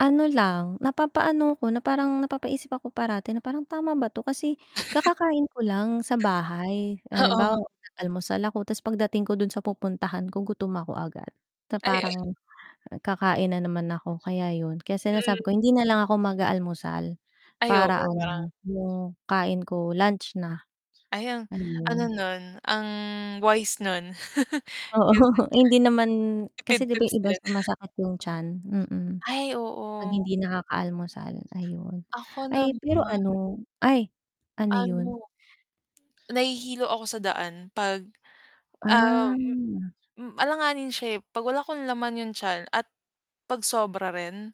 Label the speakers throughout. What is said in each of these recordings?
Speaker 1: Ano lang. Napapaano 'ko na parang napapaisip ako parati, na parang tama ba 'to kasi kakakain ko lang sa bahay.
Speaker 2: Oo.
Speaker 1: Halimbawa nag-almusal ako tapos pagdating ko dun sa pupuntahan ko gutom ako agad. Na
Speaker 2: Ay, uh
Speaker 1: parang kakain na naman ako. Kaya 'yun, kaya
Speaker 2: Mm.
Speaker 1: sinasabi ko hindi na lang ako mag-aalmusal
Speaker 2: Ay, oo
Speaker 1: para
Speaker 2: nga.
Speaker 1: ano, yung kain ko lunch na,
Speaker 2: Ay ang, ano
Speaker 1: ayun.
Speaker 2: nun, ang wise nun.
Speaker 1: Oo.
Speaker 2: Kasi [unintelligible]
Speaker 1: Eh hindi naman kasi
Speaker 2: tipid
Speaker 1: 'di ba
Speaker 2: tips
Speaker 1: yung iba
Speaker 2: din.
Speaker 1: sumasakit yung tiyan, mm,
Speaker 2: Ay
Speaker 1: 'pag
Speaker 2: oo.
Speaker 1: hindi nakakaalamusal, ayun.
Speaker 2: Ako
Speaker 1: Ay
Speaker 2: naman
Speaker 1: pero ano. Ay, ano yun?
Speaker 2: Ano, nahihilo ako sa daan 'pag um,
Speaker 1: Ah.
Speaker 2: hmm alanganin siya eh. 'Pag wala akong laman yung tiyan at pag sobra rin,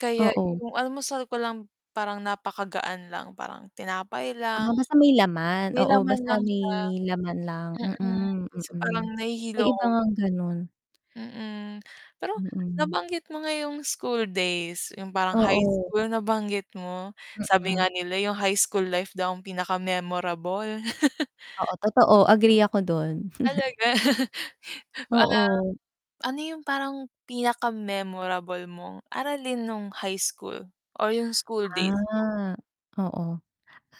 Speaker 2: kaya
Speaker 1: Oo.
Speaker 2: yung almusal ko lang parang napakagaan lang, parang tinapay lang.
Speaker 1: Ah, basta may laman?
Speaker 2: May
Speaker 1: Oo,
Speaker 2: laman
Speaker 1: basta
Speaker 2: lang
Speaker 1: may
Speaker 2: siya.
Speaker 1: laman lang,
Speaker 2: Mm,
Speaker 1: mm,
Speaker 2: kasi
Speaker 1: mm.
Speaker 2: parang
Speaker 1: May
Speaker 2: nahihilo
Speaker 1: iba
Speaker 2: ako.
Speaker 1: ngang ganun.
Speaker 2: Mm. Pero
Speaker 1: Mm.
Speaker 2: nabanggit mo nga yung school days, yung parang high
Speaker 1: Oo.
Speaker 2: school nabanggit mo, sabi
Speaker 1: Mm.
Speaker 2: nga nila yung high school life daw pinaka-memorable.
Speaker 1: Oo, totoo agree ako dun.
Speaker 2: Talaga. Um,
Speaker 1: Oo.
Speaker 2: ano yung parang pinaka-memorable mong aralin nung high school or yung school days mo?
Speaker 1: Ah, oo.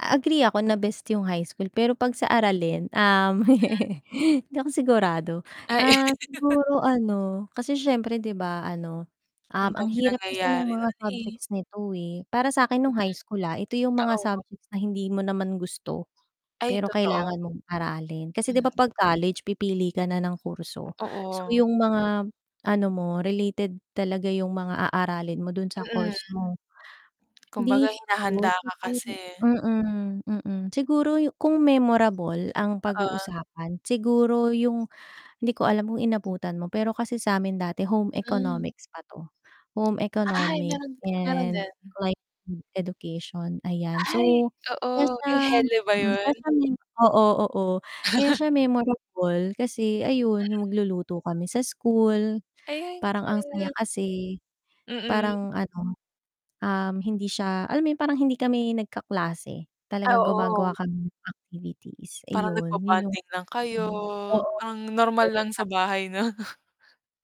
Speaker 1: Agree ako na best yung high school pero 'pag sa aralin, um,
Speaker 2: Ah.
Speaker 1: hindi ako sigurado.
Speaker 2: Ay.
Speaker 1: Ah, siguro ano, kasi syempre 'di ba ano, um,
Speaker 2: Ang
Speaker 1: ang
Speaker 2: dami
Speaker 1: hirap kasi nung
Speaker 2: nangyayari
Speaker 1: mga
Speaker 2: nun eh.
Speaker 1: subjects nito, eh. Para
Speaker 2: Mm,
Speaker 1: sa'kin nung high school, ah. Ito yung mga
Speaker 2: totoo.
Speaker 1: subjects na hindi mo naman gusto.
Speaker 2: Ay,
Speaker 1: Pero kailangan
Speaker 2: totoo.
Speaker 1: mong aralin. Kasi 'di ba
Speaker 2: Mhm.
Speaker 1: 'pag college pipili ka na ng kurso. So
Speaker 2: Totoo.
Speaker 1: yung mga ano mo, related talaga yung mga aaralin mo dun sa
Speaker 2: Mm.
Speaker 1: course mo.
Speaker 2: Kumbaga
Speaker 1: Dito,
Speaker 2: hinahanda ka
Speaker 1: siguro
Speaker 2: kasi eh.
Speaker 1: mm, mm. Siguro kung memorable ang
Speaker 2: Oo.
Speaker 1: pag-uusapan siguro yung hindi ko alam kung inabutan mo, pero kasi sa'min dati Home
Speaker 2: Hmm.
Speaker 1: Economics pa 'to, Home
Speaker 2: Ay,
Speaker 1: Economic
Speaker 2: meron din. Meron
Speaker 1: and
Speaker 2: din.
Speaker 1: Livelihood Education, ayan.
Speaker 2: Ay
Speaker 1: So, kaya
Speaker 2: oo.
Speaker 1: siya
Speaker 2: Yung HELE ba
Speaker 1: mm, kaya
Speaker 2: yun?
Speaker 1: siya memo oo, oo. Kaya siya memorable kasi ayun
Speaker 2: Mm.
Speaker 1: yung magluluto kami sa school
Speaker 2: Ayan,
Speaker 1: parang ang saya
Speaker 2: ke
Speaker 1: kasi
Speaker 2: Mm.
Speaker 1: parang ano, um, hindi siya alam mo yun parang hindi kami nagkaklase,
Speaker 2: Ay,
Speaker 1: talagang
Speaker 2: oo.
Speaker 1: gumagawa kami ng activities.
Speaker 2: Parang
Speaker 1: ayun yun yung
Speaker 2: nagbo-bonding lang kayo.
Speaker 1: hmm, oo.
Speaker 2: Ang normal lang
Speaker 1: [unintelligible]
Speaker 2: sa bahay no.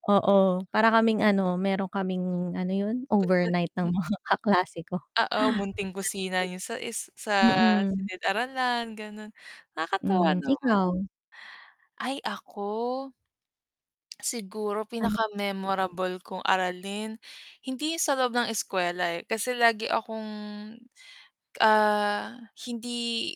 Speaker 1: Oo, para kaming ano meron kaming ano yun, overnight ng
Speaker 2: [unintelligible]
Speaker 1: mga kaklase ko
Speaker 2: Oo
Speaker 1: sa
Speaker 2: munting kusina
Speaker 1: school.
Speaker 2: niyo sa is sa
Speaker 1: Mm.
Speaker 2: silid-aralan ganon. Nakakatuwa
Speaker 1: Hmm,
Speaker 2: naman.
Speaker 1: ikaw?
Speaker 2: Ay ako? Siguro,
Speaker 1: Ano [unintelligible]
Speaker 2: pinakamemorable kong aralin, hindi sa loob ng eskuwela eh, kasi lagi akong, ah, hindi